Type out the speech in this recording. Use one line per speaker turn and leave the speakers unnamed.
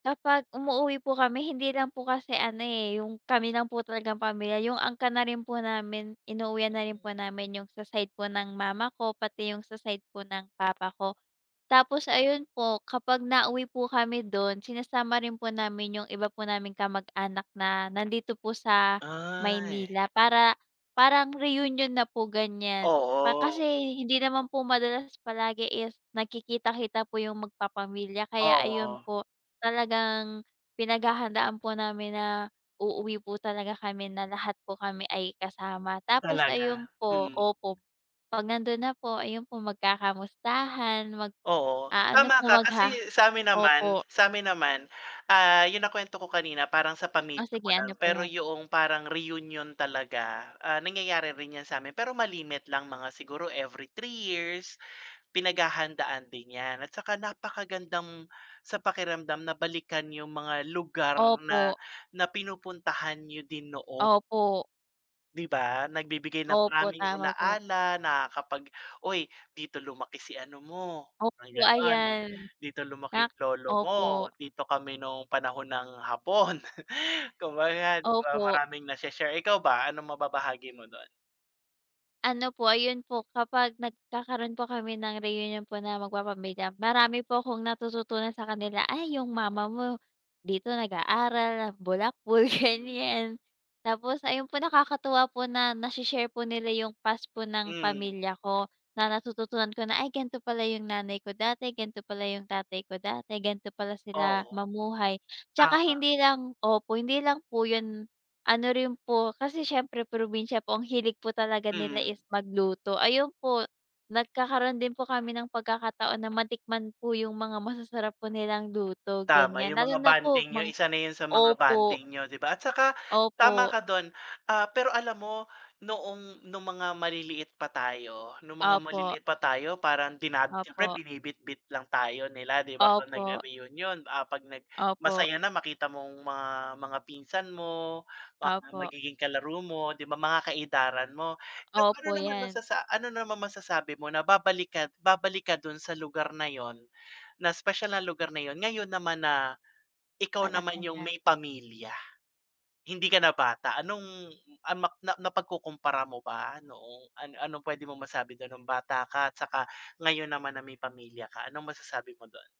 Kapag umuuwi po kami, hindi lang po kasi ano eh, yung kami ng po talagang pamilya, yung angkan na rin po namin, inuwian na rin po namin yung sa side po ng mama ko, pati yung sa side po ng papa ko. Tapos ayun po, kapag nauwi po kami dun, sinasama rin po namin yung iba po naming kamag-anak na nandito po sa
Ay.
Maynila, para, parang reunion na po ganyan, pa
Oo.
kasi hindi naman po madalas palagi is nagkikita-kita po yung mag-papamilya, kaya ayun
Oo.
po, talagang, pinag-hahandaan po namin na uuwi po talaga kami na lahat po kami ay kasama, tapos ayun
Talaga?
po,
Mm.
opo, pag nandun na po, ayun po, mag-kakamustahan,
Oo,
mag-aano po,
tama ka,
magha
kasi, samin naman
opo.
samin naman, ah, yung na-kwento ko kanina, parang sa
O
pamilya ko
sige
lang,
ano po
pero
yan?
'yong parang reunion talaga, ah, nangyayari rin yan samin, pero ma-limit lang, mga siguro every 3 years, pinag-hahandaan din yan, at saka napaka-gandang sa pakiramdam na balikan yung mga lugar na
Opo.
na pinupuntahan niyo din noon
Opo.
di ba, nag-bibigay ng
Opo,
maraming
tama po.
ala-ala na kapag, "Uy, dito lumaki si ano mo,
Opo
ganon,
ayan.
dito
Na
lumaki lolo
opo.
mo, dito kami nung panahon ng Hapon," kumbaga di ba,
Opo.
maraming na-she-share, ikaw ba, anong mababahagi mo dun?
Ano po, ayun po, kapag nagkakaroon po kami ng reunion po na mag-papamilya, marami po 'kong natututunan sa kanila, ay yung mama mo dito nag-aaral, bulakbol, ganyan, tapos ayun po, nakakatuwa po na nashi-share po nila yung past po ng
Mm.
pamilya ko, na natututunan ko na, "Ay ganto pala yung nanay ko dati, ganto pa pala yung tatay ko dati, ganto pala sila
Oo.
mamuhay," 'Tsaka
Tama.
hindi lang opo, hindi lang po yun, ano rin po kasi siyempre probinsya po, ang hilig po talaga nila
Mm.
is magluto, ayun po, nagkakaroon din po kami ng pagkakataon na matikman po yung mga masasarap po nilang luto,
Tama,
ganyan,
yung
lalo
mga
na po
bonding niyo,
mang
isa na yun sa mga
opo.
bonding niyo, 'di ba, at saka, tama
Opo.
ka dun, ah, pero alam mo, noong, nung mga maliliit pa tayo nung mga
Opo.
maliliit pa tayo, parang din siyempre,
Opo.
binibitbit lang tayo nila, 'di ba, pag
Opo.
nagre-reunion? Ah, pag nag
Opo.
masaya na makita mong mga mga pinsan mo, mga
Opo.
magiging kalaro mo, 'di ba, mga ka-edaran mo, pero ano
Opo,
naman,
'yan.
masasa ano naman masasabi mo na babalik ka babalik ka dun sa lugar na yun, na 'spesyal na lugar na yun, ngayon naman na ikaw naman
Malaki
yung
na.
may pamilya? Hindi ka na bata, anong, ano na napag-kukumpara mo ba noong ano-anong pwede mo masabi dun nung bata ka at saka ngayon naman na may pamilya ka, anong masasabi mo dun?